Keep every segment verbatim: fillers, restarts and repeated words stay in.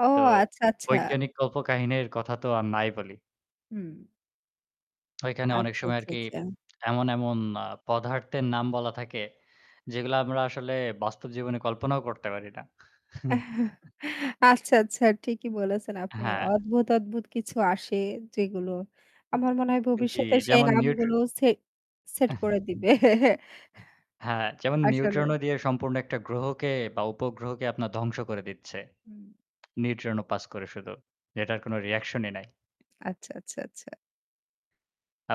ও তো আচ্ছা, আচ্ছা। বৈজ্ঞানিক কল্পকাহিনীর কথা তো আর নাই বলি। হুম। ওইখানে অনেক আচ্ছা, সময় আচ্ছা, আরকি আচ্ছা। এমন, এমন আ পদার্থের নাম বলা থাকে যেগুলো আমরা আসলে বাস্তব জীবনে কল্পনাও করতে পারি না। আচ্ছা, আচ্ছা। ঠিকই বলেছেন আপনি হ্যাঁ। অদ্ভুত, অদ্ভুত কিছু আসে যেগুলো। আমার মনে হয় জি, ভবিষ্যতে সেই যেমন নিউট্র নামগুলো সেট সেট করে দিবে। হ্যাঁ, যেমন আসলে নিউট্রন ও দিয়ে সম্পূর্ণ একটা গ্রহকে বা উপগ্রহকে আপনার ধ্বংস করে দিচ্ছে। হুম। নিউট্রন ও পাস করে শুধু। এটার কোনো রিঅ্যাকশনই নাই। আচ্ছা, আচ্ছা, আচ্ছা।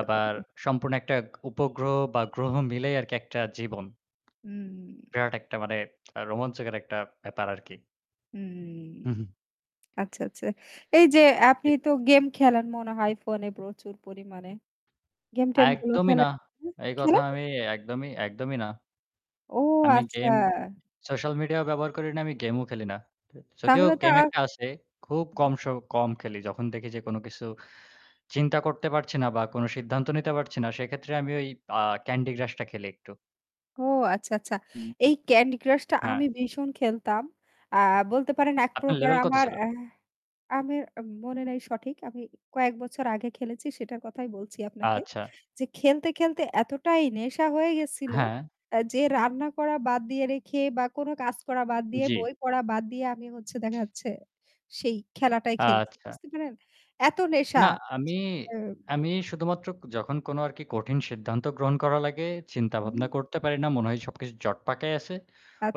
আবার সম্পূর্ণ একটা উপগ্রহ বা গ্রহ মিলেই আরকি একটা জীবন। হুম। বিরাট একটা মানে রোমাঞ্চকের একটা ব্যাপার আরকি। হুম, হু, হু। আচ্ছা, আচ্ছা, এই যে আপনি জি। তো গেম খেলেন মনে হয় ফোনে প্রচুর পরিমাণে। গেম টেম গুলো একদমই না। খেলেন? হু, এই কথা খেলেন? আমি একদমই একদমই না। ও আমি গেম আচ্ছা। সোশ্যাল মিডিয়াও ব্যবহার করি না। আমি গেমও খেলি না। যদিও তাহলে তো গেম আ একটা আছে, খুব হুম। কম স কম খেলি। যখন দেখি যে কোন কিছু চিন্তা করতে পারছি না বা কোন সিদ্ধান্ত নিতে পারছি না। সেক্ষেত্রে আমি ওই আ ক্যান্ডি ক্রাশ টা খেলি একটু। ও আচ্ছা, আচ্ছা। হুম। এই ক্যান্ডি ক্রাশ টা আমি হ্যাঁ। ভীষণ খেলতাম। আ বলতে পারেন এক আপনার প্রকার লেভেল কত আমার ছিল? অ্যা আমি মনে নাই সঠিক। আমি কয়েক বছর আগে খেলেছি সেটার কথাই বলছি আপনাকে। আচ্ছা। যে খেলতে, খেলতে এতটাই নেশা হয়ে গেছিল হ্যাঁ। অ্যা যে রান্না করা বাদ দিয়ে রেখে বা কোন কাজ করা বাদ দিয়ে জি। বই পড়া বাদ দিয়ে আমি হচ্ছে দেখা যাচ্ছে সেই খেলাটাই খেলছি। আচ্ছা। বুঝতে পেররেছেন? এত নেশা। না আমি, [unintelligible] আমি শুধুমাত্র যখন কোন আরকি কঠিন সিদ্ধান্ত গ্রহণ করা লাগে, চিন্তাভাবনা হুম। করতে পারি না। মনে হয় সবকিছু জটপাকায় আছে।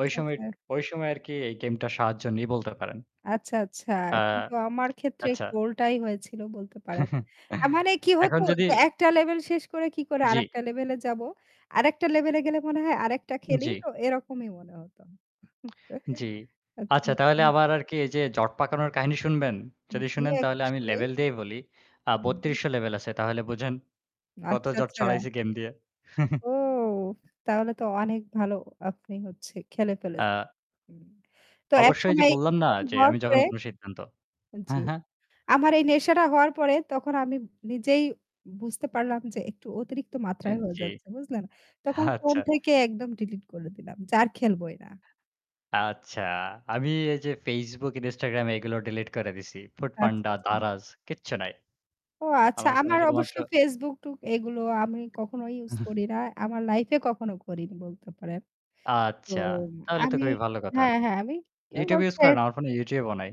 ওই সময় আচ্ছা। ওই সময় আরকি এই গেমটার সাহায্য নিয়ে বলতে পারেন। আচ্ছা, আচ্ছা আ কিন্তু আমার ক্ষেত্রে আচ্ছা। একটু উল্টাই হয়েছিল বলতে পারেন। আ মানে কি হতো এখন যদি যে একটা লেভেল শেষ করে কি করে জি। আরেকটা লেভেল এ যাব। আরেকটা লেভেল এ গেলে মনে হয় আরেকটা খেলেই জি। তো এরকমই মনে হত। জি। আচ্ছা, আচ্ছা তাহলে আচ্ছা। আবার আরকি এই যে জট পাকানোর কাহিনী শুনবেন। যদি জি শুনেন একটু তাহলে আমি শুনি। লেভেল দিয়েই বলি। আ হু, হু। বত্রিশশ লেভেল আছে। তাহলে বুঝেন কত আচ্ছা, জট আচ্ছা। ছড়াইছি গেম দিয়ে। ও তাহলে তো অনেক ভালো আপনি হচ্ছে খেলে ফেলেছেন। আ তো অবশ্যই যে একসময় বললাম না এরকম যে হওয়ার আমি পরে যখন কোন সিদ্ধান্ত জি, হ্যাঁ, হ্যাঁ। আমার এই নেশাটা হওয়ার পরে তখন আমি নিজেই বুঝতে পারলাম যে একটু অতিরিক্ত হু, মাত্রায় হয়ে জি। যাচ্ছে। বুঝলেন? তখন ফোন আচ্ছা। থেকে একদম ডিলিট করে দিলাম। যার খেলবোই না। আচ্ছা, আমি এই যে Facebook, Instagram এগুলো ডিলিট করে দিছি। ফুড আচ্ছা, পান্ডা, আচ্ছা। দ্বারাজ কিচ্ছু নাই। ও আচ্ছা আমার ফোনে আমার অবশ্য শুধুমাত্র। Facebook টুক এগুলো আমি কখনো ইউস করি না, আমার লাইফ এ কখনো করিনি বলতে পারেন। তো আচ্ছা। তাহলে তো আমি খুবই ভালো কথা। হ্যাঁ, হ্যাঁ আমি YouTube ইউস করেন, [unintelligible] আমার ফোনে YouTube ও নাই।